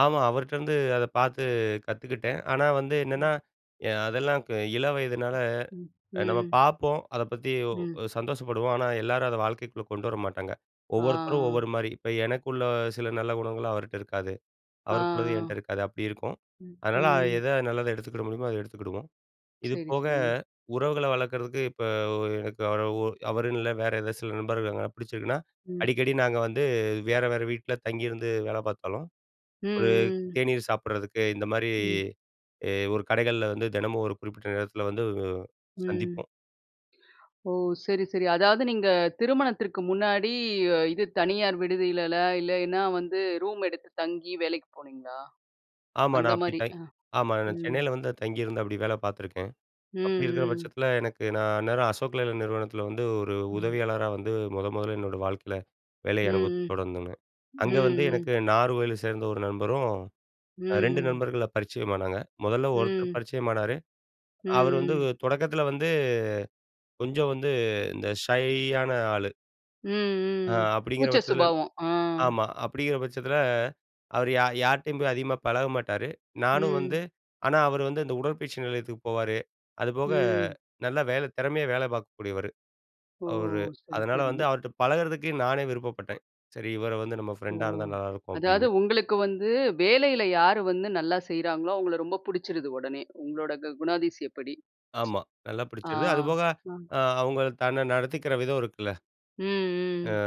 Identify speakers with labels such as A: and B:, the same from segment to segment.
A: ஆமா, அவர்ட்டேருந்து அத பார்த்து கத்துக்கிட்டேன். ஆனா வந்து என்னன்னா,
B: ம்.
A: எ அதெல்லாம் க இளவயதுனால
B: ம்,
A: அ நம்ம
B: ம்.
A: பார்ப்போம் அத பத்தி
B: ம்.
A: சந்தோஷப்படுவோம். ஆனா எல்லாரும் அத வாழ்க்கைக்குள்ள கொண்டு வர மாட்டாங்க. ஒவ்வொருத்தரும்
B: ஆ.
A: ஒவ்வொரு மாரி இப்ப எனக்குள்ள சில நல்ல குணங்கள் அவர்ட்ட இருக்காது,
B: ஆ, ஆ.
A: அவருக்கு உள்ளது என்ட்ட இருக்காது அப்டி இருக்கும்.
B: ம்,
A: அதனால
B: ம்.
A: எத நல்லத எடுத்துக்கிட முடியுமோ அத எடுத்துக்கிடுவோம். இது
B: சரி,
A: போக
B: சரி.
A: உறவுகள வளர்க்குறதுக்கு இப்ப ஒரு எனக்கு அவரு ஒ அவரு இல்ல வேற ஏதாவது சில நண்பர்கள் பிடிச்சிருக்குனா
B: ம்.
A: அடிக்கடி நாங்க வந்து வேற வேற வீட்ல தங்கியிருந்து வேல பார்த்தாலும்.
B: ம்.
A: ஒரு
B: ம். ம்.
A: தேநீர் சாப்பிடறதுக்கு இந்த மாரி
B: ம்.
A: அ ஒரு கடைகள்ல வந்து தினமும் ஒரு குறிப்பிட்ட நேரத்தில வந்து
B: ம்.
A: சந்திப்போம்.
B: ஓ! சரி, சரி அதாவது நீங்க திருமணத்திற்கு முன்னாடி இது தனியார் விடுதியில, இல்லைன்னா வந்து ரூம் எடுத்து தங்கி வேலைக்கு போனீங்களா?
A: ஆமா,
B: அந்த
A: நான் அப்டி
B: மாரி
A: தை
B: அ,
A: ஆமா நான்
B: ம்.
A: சென்னையில வந்து தங்கியிருந்து அப்டி வேல பார்த்துருக்கேன். அப்டி இருக்குற
B: ம். ம்.
A: பட்சத்தில எனக்கு நான் அந்நேரம் "அசோக் லலைலாண்ட்" நிறுவனத்தில வந்து ஒரு
B: ம்.
A: உதவியாளரா வந்து முத முதல்ல என்னோடய வாழ்க்கையில
B: ம்.
A: வேலைய அனுபவத்த தொடர்ந்தங்க.
B: ம். ம்.
A: அங்க வந்து
B: ம்.
A: எனக்கு நாகர்கோயிலில சேர்ந்த ஒரு நண்பரும்
B: ம்.
A: அ 2
B: ம்.
A: நண்பர்கள பரிச்சயமானங்க முதல்ல ஒருத்தர்
B: ம்.
A: பரிச்சயமானாரு அவரு வந்து
B: ம். ம்.
A: தொடக்கத்தில வந்து கொஞ்சம் வந்து இந்த ஷையான ஆளு.
B: ம்.
A: ஆ
B: ம்.
A: அப்டிங்கிற
B: கூச்ச
A: பட்சத்தில
B: சுபாவம். ஆ.
A: ஆமா அப்டிங்கிற பட்சத்தில அவரு யா யார்ட்டயும் போய் அதிகமா பழக மாட்டாரு. நானும் வந்து
B: ம்.
A: ஆனா அவரு வந்து இந்த உடற்பயிற்சி நிலையத்துக்கு போவாரு, அதுபோக
B: ம்.
A: நல்லா வேலை திறமையா வேல பார்க்கக்கூடியவரு.
B: ஓ!
A: அவரு
B: சரி,
A: அதனால
B: சரி.
A: வந்து அவர்ட்ட பழகுறதுக்கு நானே விருப்பப்பட்டேன். சரி, இவரு வந்து நம்ம
B: ஒ!
A: ஃப்ரெண்டா இருந்தா நல்லாயிருக்கும்
B: அதாவது
A: அப்டின்னு.
B: உங்களுக்கு வந்து வேலைல யாரு வந்து நல்லா செய்றாங்களோ அவங்கள ரொம்ப புடிச்சிருது உடனே உங்களோட கு குணாதியச படி?
A: ஆமா, நல்லா
B: ஆ,
A: பிடிச்சிது. அதுபோக
B: ம்.
A: அ அவங்க தன்னை நடத்திக்கிற விதம் இருக்குல்ல.
B: ம்
A: அ,
B: ம்.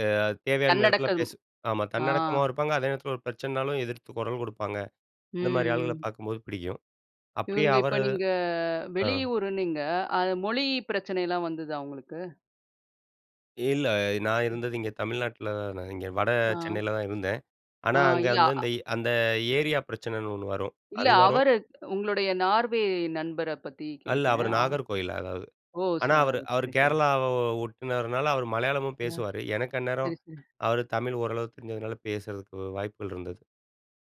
A: அ தேவையான நேரத்தில
B: தன்னடக்கம்.
A: பேசு ஆமா
B: அ.
A: தன்னடக்கமாவும் இருப்பாங்க அதே நேரத்தில ஒரு பிரச்சனைனாலும் எதிர்த்து கொரல் குடுப்பாங்க.
B: ம்,
A: இந்த மாரி ஆள்கள
B: ம்.
A: பார்க்கும்போது பிடிக்கும். அப்டியே
B: இவங்க இப்ப
A: அவரு
B: நீங்க
A: அ.
B: வெளிய ஊருன்னீங்க. அது மொழி பிரச்சனைலாம் வந்துதா உங்களுக்கு?
A: இல்ல, நான்
B: ம்.
A: இருந்தது இங்க தமிழ்நாட்ல இங்க வட
B: ஆ.
A: சென்னையில தான் இருந்தேன்.
B: ஆ,
A: ஆனா, அங்க
B: இல்ல.
A: வந்து அந்த
B: அ.
A: அந்த ஏரியா பிரச்சனைன்னு ஒண்ணு வரும்
B: இல்ல
A: அது வரும்
B: அவரு உங்களுடைய நார்வே நண்பர பத்தி
A: இல்ல,
B: கேட்டேன்.
A: அவரு
B: அ.
A: நாகர்கோயில் அதாவது
B: ஓ! ச
A: ஆனா, அவரு அவரு
B: சரி, சரி.
A: கேரளாவ ஒட்டுனவர்னால அவர் மலையாளமும்
B: அ.
A: பேசுவாரு. எனக்கு அந்நேரம்
B: சரி, சரி.
A: அவர் தமிழ் ஓரளவுக்கு தெரிஞ்சதுனால பேசுறதுக்கு வாய்ப்புகள் இருந்தது.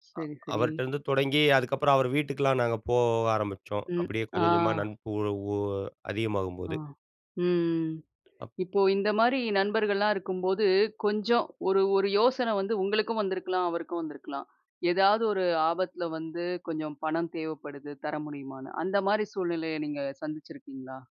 B: சரி,
A: அ
B: சரி.
A: அவர்ட்டேருந்து தொடங்கி அதுக்கப்புறம் அவர் வீட்டுக்குலாம் நாங்க போக ஆரம்பிச்சோம்
B: ம்,
A: அப்டியே
B: ஆ.
A: கொஞ்சம் கொஞ்சமா [unintelligible] ஒ ஒ
B: ஆ
A: அதிகமாகும்போது.
B: ம்ம்.
A: அப்
B: இப்போ இந்த மாரி நண்பர்கள்லாம் இருக்கும்போது கொஞ்சம் ஒரு ஒரு யோசனை வந்து உங்களுக்கும் வந்திருக்கலாம், அவருக்கும் வந்திருக்கலாம். ஏதாவது ஒரு ஆபத்தில வந்து கொஞ்சம் பணம் தேவைப்படுது தர முடியுமான்னு அந்த மாரி சூழ்நிலைய நீங்க சந்திச்சிருக்கீங்களா?